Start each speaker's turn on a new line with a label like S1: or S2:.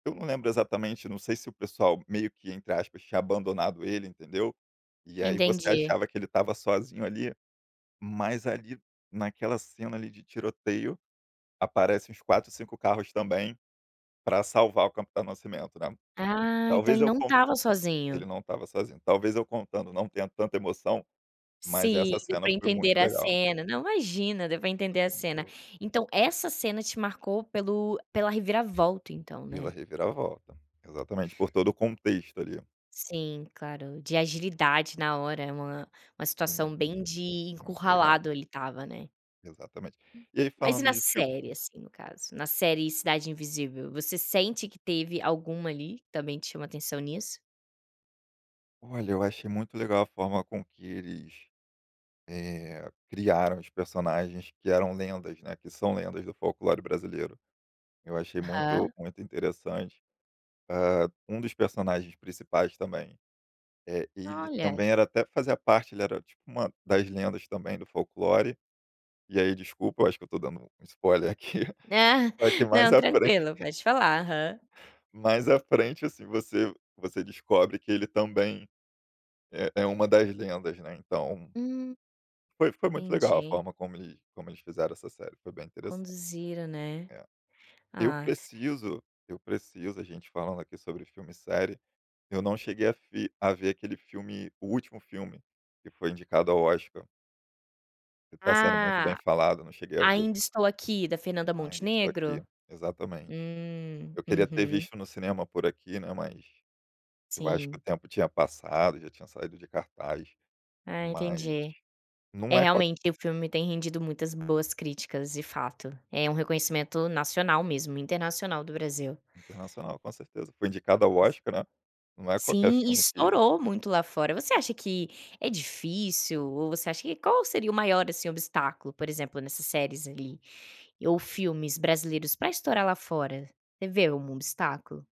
S1: Eu não lembro exatamente, não sei se o pessoal meio que, entre aspas, tinha abandonado ele, entendeu. E aí você
S2: Entendi.
S1: achava que ele estava sozinho ali, mas ali, naquela cena ali, de tiroteio, aparece uns 4, 5 carros também, pra salvar o Capitão da Nascimento, né.
S2: Ah, então
S1: Talvez
S2: ele
S1: eu
S2: não
S1: con
S2: estava
S1: ele
S2: sozinho.
S1: não estava sozinho. Talvez eu contando, não tendo tanta emoção, mas
S2: Sim,
S1: essa
S2: deu
S1: cena
S2: pra
S1: foi
S2: entender
S1: muito
S2: a
S1: legal.
S2: cena. Não, imagina, deu pra
S1: Essa
S2: entender
S1: cena
S2: a
S1: foi muito
S2: cena.
S1: boa.
S2: Então essa cena te marcou pelo pela reviravolta, então,
S1: Pela
S2: né.
S1: reviravolta. Exatamente, por todo o contexto, ali.
S2: Sim, claro, de agilidade na hora, é uma uma situação
S1: Sim.
S2: bem de
S1: Muito legal.
S2: encurralado, ele estava, né.
S1: Exatamente. E aí
S2: Mas e
S1: falando
S2: na
S1: de fil
S2: série, assim, no caso. Na série Cidade Invisível, você sente que teve alguma, ali, também que chama atenção nisso?
S1: Olha, eu achei muito legal a forma com que eles, eh, criaram os personagens que eram lendas, né, que são lendas do folclore brasileiro. Eu achei
S2: Aham.
S1: muito muito interessante. Hã, um dos personagens principais também, eh, ele
S2: Olha.
S1: também era até fazia parte, ele era, tipo, uma das lendas também, do folclore. E aí, desculpa, acho que eu estou dando spoiler aqui, pra que mais
S2: Não,
S1: à
S2: tranquilo,
S1: fren
S2: pode falar. Aham.
S1: mais à frente, assim, você você descobre que ele também é é uma das lendas, né, então
S2: Hum.
S1: foi foi muito legal a
S2: Entendi.
S1: forma como eles como eles fizeram essa série, foi bem interessante.
S2: Conduziram, né.
S1: É. Eu
S2: Ah.
S1: preciso eu preciso, a gente falando aqui sobre filme e série, eu não cheguei a fi a ver aquele filme, o último filme, que foi indicado ao Oscar. Está sendo muito bem
S2: Ah,
S1: falado, não cheguei a ver.
S2: Ainda Estou Aqui, da Fernanda
S1: Ainda Estou Aqui,
S2: Montenegro?
S1: exatamente.
S2: Hum.
S1: Eu queria ter
S2: Uhum.
S1: visto no cinema por aqui, né, mas eu acho que o
S2: Sim.
S1: tempo tinha passado, já tinha saído de cartaz.
S2: Ah,
S1: Mas
S2: entendi.
S1: não
S2: É,
S1: é com a
S2: realmente, o filme tem rendido muitas boas críticas, de fato. É um reconhecimento nacional mesmo, internacional, do Brasil.
S1: Internacional, com certeza. Foi indicado ao Oscar, né, não é qualquer
S2: Sim,
S1: filme que
S2: estourou muito lá fora. Você acha que é difícil, ou você acha que qual seria o maior, assim, obstáculo, por exemplo, nessas séries ali, ou filmes brasileiros, pra estourar lá fora. Você vê um obstáculo?